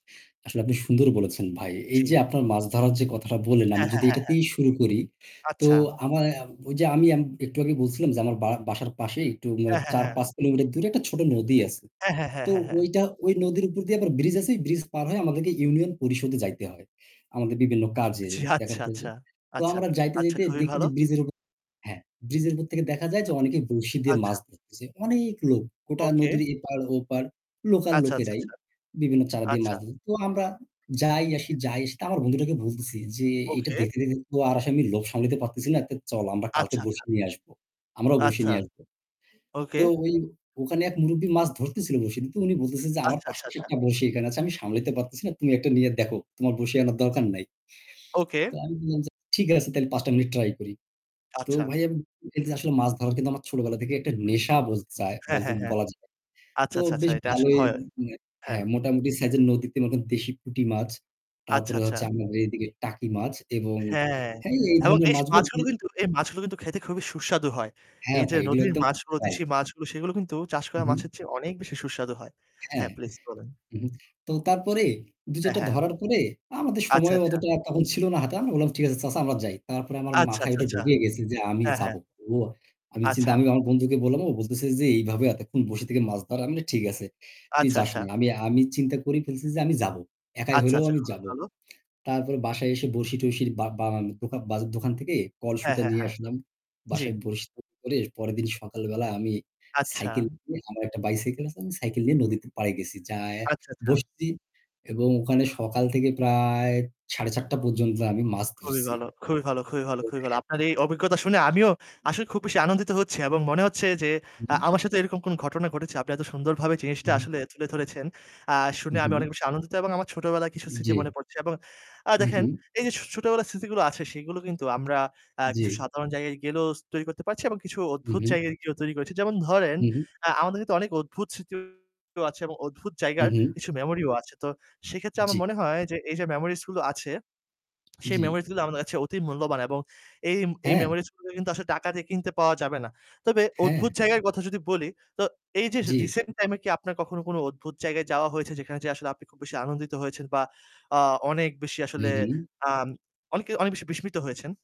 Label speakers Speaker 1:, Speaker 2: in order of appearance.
Speaker 1: আসলে আপনি সুন্দর বলেছেন ভাই। এই
Speaker 2: জি।
Speaker 1: যে আপনার মাছ ধরার যে কথাটা বললেন আমি
Speaker 2: হ্যাঁ, হ্যাঁ,
Speaker 1: যদি
Speaker 2: হ্যাঁ, হ্যাঁ।
Speaker 1: এটাতেই শুরু করি। তো
Speaker 2: আচ্ছা।
Speaker 1: আমায় ওই যে আমি একটু আগে বলছিলাম যে আমার বারা বাসার পাশে একটু মানে
Speaker 2: হ্যাঁ, হ্যাঁ,
Speaker 1: ৪
Speaker 2: হ্যাঁ।
Speaker 1: ৫ কিলোমিটার দূরে একটা ছোট নদী আছে।
Speaker 2: হ্যাঁ, হ্যাঁ,
Speaker 1: তো
Speaker 2: হ্যাঁ, হ্যাঁ।
Speaker 1: ওইটা ওই নদীর উপর দিয়ে আবার bridge আছে। bridge পার হয়ে আমাদেরকে ইউনিয়ন পরিষদে যাইতে হয়, আমাদের বিভিন্ন কাজে য
Speaker 2: জি
Speaker 1: দেখার
Speaker 2: আচ্ছা,
Speaker 1: জ
Speaker 2: আচ্ছা,
Speaker 1: তো
Speaker 2: আচ্ছা,
Speaker 1: আমরা যাইতে,
Speaker 2: আচ্ছা,
Speaker 1: যাইতে
Speaker 2: খুবই
Speaker 1: দেখি
Speaker 2: ভালো।
Speaker 1: যে bridge এর উপ হ্যাঁ bridge এর উপর থেকে দেখা যায় যে
Speaker 2: আ
Speaker 1: অনেকেই বরশী দিয়ে
Speaker 2: আচ্ছা।
Speaker 1: মাছ ধরতেছে। অনেক লোক গোটা
Speaker 2: ওকে।
Speaker 1: নদীর এপার-ওপার, local
Speaker 2: আচ্ছা, আচ্ছা,
Speaker 1: লোকেরাই
Speaker 2: আচ্ছা,
Speaker 1: বিভিন্ন চারা দিয়ে
Speaker 2: আচ্ছা।
Speaker 1: মাছ ধর তো আমরা যাই আসি যাই আসি তো আমার বন্ধুটাকে বলতেছি যে, "এইটা
Speaker 2: ওকে।
Speaker 1: দেখতে, দেখতে তো আর আসলে আমি লোভ সামলাইতে পারতেছি না। তো চল আমরা কালকে
Speaker 2: আচ্ছা, আচ্ছা।
Speaker 1: বরশী নিয়ে আসবো। আমরাও বরশি
Speaker 2: আচ্ছা।
Speaker 1: নিয়ে আসবো।"
Speaker 2: ওকে।
Speaker 1: তো ওই ওখানে এক মুরুব্বি মাছ ধরতেছিল বরশী দিয়ে। তো উনি বলতেছে যে, "আমার
Speaker 2: আচ্ছা,
Speaker 1: পাশে
Speaker 2: আচ্ছা, আচ্ছা।
Speaker 1: একটা বরশী এখানে আছে। আমি সামলাইতে পারতেছি না। তুমি একটা নিয়ে দেখো। তোমার বরশী আনার দরকার নাই।"
Speaker 2: ওকে।
Speaker 1: তো আমি বললাম যে, "ঠিক আছে, তাইলে ৫ টা মিনিট try করি।" তো
Speaker 2: আচ্ছা।
Speaker 1: ভাই আমি বলতে চাচ্ছি আসলে মাছ ধরা কিন্তু আমার ছোটবেলা থেকে একটা নেশা বলচায়
Speaker 2: হ্যাঁ,
Speaker 1: বলচো
Speaker 2: হ্যাঁ, হ্যাঁ।
Speaker 1: বলা যায়।
Speaker 2: আচ্ছা,
Speaker 1: তো
Speaker 2: আচ্ছা, আচ্ছা, আচ্ছা,
Speaker 1: বেশ
Speaker 2: এটা আসলে
Speaker 1: ভালোই।
Speaker 2: হয়।
Speaker 1: এ হ্যাঁ, মোটামুটি size এর নদীতে মনে করেন দেশি পুঁটি মাছ,
Speaker 2: আচ্ছা,
Speaker 1: তারপরে
Speaker 2: আচ্ছা।
Speaker 1: হচ্ছে আমাদের এইদিকে টাকি মাছ এবং
Speaker 2: হ্যাঁ।
Speaker 1: হ্যাঁ, এই
Speaker 2: এবং
Speaker 1: ধরনের
Speaker 2: এই স
Speaker 1: মাছগুলো ধ
Speaker 2: মাছগুলো কিন্তু এই মাছগুলো কিন্তু খেতে খুবই সুস্বাদু হয়।
Speaker 1: হ্যাঁ
Speaker 2: এই যে
Speaker 1: ভাই, এগুলো
Speaker 2: নদীর
Speaker 1: একদম [unintelligible]
Speaker 2: দেশি মাছগুলো সেগুলো কিন্তু চাষ
Speaker 1: উ
Speaker 2: করা
Speaker 1: হু।
Speaker 2: মাছের চেয়ে অনেক বেশি সুস্বাদু হয়।
Speaker 1: হ্যাঁ।
Speaker 2: হ্যাঁ, প্লিজ বলুন।
Speaker 1: উ হু। তো তারপরে ২
Speaker 2: অ্যা
Speaker 1: ৪ টা
Speaker 2: হ্যাঁ।
Speaker 1: ধরার পরে আমাদের
Speaker 2: আচ্ছা,
Speaker 1: সময়
Speaker 2: আচ্ছা।
Speaker 1: অতটা তখন ছিল না হাতে। আমরা বললাম, "ঠিক আছে চাচা আমরা যাই।" তারপরে আমার
Speaker 2: আচ্ছা,
Speaker 1: মাথায়
Speaker 2: আচ্ছা,
Speaker 1: এটা
Speaker 2: আচ্ছা,
Speaker 1: ঢুকিয়ে গেছে যে, "আমি
Speaker 2: হ্যাঁ,
Speaker 1: যাব।"
Speaker 2: হ্যাঁ।
Speaker 1: আমি চিন্তা
Speaker 2: আচ্ছা।
Speaker 1: আমি আমার বন্ধুকে বললাম। ও বলতেছে যে, "এইভাবে এতক্ষণ বসে থেকে মাছ ধরা।" আমি বললাম, "ঠিক আছে, তুই
Speaker 2: আচ্ছা,
Speaker 1: যাস
Speaker 2: আচ্ছা।
Speaker 1: না।" আমি আমি চিন্তা করি ফেলতেছি যে আমি যাব। একাই
Speaker 2: আচ্ছা,
Speaker 1: হইলেও
Speaker 2: আচ্ছা।
Speaker 1: আমি
Speaker 2: খুবই
Speaker 1: যাব।
Speaker 2: ভালো।
Speaker 1: তারপরে বাসায় এসে বরশী-টঁরশীর বা বানানো দোকা বা দোকান থেকে
Speaker 2: হ্যাঁ,
Speaker 1: কলসুতা
Speaker 2: হ্যাঁ,
Speaker 1: নিয়ে
Speaker 2: হ্যাঁ।
Speaker 1: আসলাম।
Speaker 2: জি।
Speaker 1: বাসায় বরশী তৈরি করে পরের দিন সকালবেলা আমি
Speaker 2: আচ্ছা।
Speaker 1: সাইকেল করে আমার একটা bicycle আছে। আমি সাইকেল নিয়ে নদীতে পাড়ে গেছি। যাইয়া
Speaker 2: আচ্ছা, আচ্ছা।
Speaker 1: বসছি এবং ওখানে সকাল থেকে প্রায় ৪:৩০ পর্যন্ত আমি মাছ
Speaker 2: খুবই
Speaker 1: ধরছি।
Speaker 2: ভাল, খুবই ভাল, খুবই ভাল, খুবই ভাল আপনার
Speaker 1: [unintelligible]
Speaker 2: এই অভিজ্ঞতা শুনে আমিও আসলে খুব বেশি আনন্দিত হচ্ছি এবং মনে হচ্ছে যে
Speaker 1: উ
Speaker 2: আ
Speaker 1: হু।
Speaker 2: আমার সাথে এরকম কোনো ঘটনা ঘটেছে আপনি এত সুন্দরভাবে
Speaker 1: উ
Speaker 2: জিনিসটা
Speaker 1: হু।
Speaker 2: আসলে তুলে ধরেছেন। আ
Speaker 1: উ
Speaker 2: শুনে আমি অনেক
Speaker 1: হু।
Speaker 2: বেশি আনন্দিত এবং আমার ছোটবেলার কিছু
Speaker 1: উ
Speaker 2: স্মৃতি মনে
Speaker 1: জি।
Speaker 2: পড়ছে এবং আ
Speaker 1: উ হু।
Speaker 2: দেখেন এই যে ছো ছোটবেলা স্মৃতিগুলো আছে সেইগুলো কিন্তু আমরা অ্যাঁ
Speaker 1: জি।
Speaker 2: কিছু সাধারণ জায়গায় গেলেও তৈরি করতে পারছি এবং কিছু
Speaker 1: উ
Speaker 2: অদ্ভুত
Speaker 1: হু।
Speaker 2: জায়গায় গিয়েও তৈরী করেছি যেমন ধরেন
Speaker 1: উ হু।
Speaker 2: আ আমাদের তো অনেক অদ্ভুত স্মৃতিও আছে এবং অদ্ভুত
Speaker 1: উ
Speaker 2: জায়গার
Speaker 1: হু।
Speaker 2: কিছু memory ও আছে। তো সেক্ষেত্রে আমার
Speaker 1: জি।
Speaker 2: মনে হয় যে এইযে memories গুলো আছে সেই
Speaker 1: জি।
Speaker 2: memories গুলা আমাদের কাছে অতি মূল্যবান এবং এই এই
Speaker 1: হ্যাঁ।
Speaker 2: memories গুলোকে কিন্তু আসলে টাকা দিয়ে কিনতে পাওয়া যাবে না। তবে অদ্ভুত
Speaker 1: হ্যাঁ।
Speaker 2: জায়গার কথা যদি বলি তো এই যে
Speaker 1: জি।
Speaker 2: recent time এ কি আপনার কখনো কোনো অদ্ভুত জায়গায় যাওয়া হয়েছে যেখানে যেয়ে আসলে আপনি খুব বেশি আনন্দিত হয়েছেন বা আ অনেক বেশি
Speaker 1: উ
Speaker 2: আসলে
Speaker 1: হু।
Speaker 2: আ অনেক কি অনেক বেশি বিস্মিত হয়েছেন?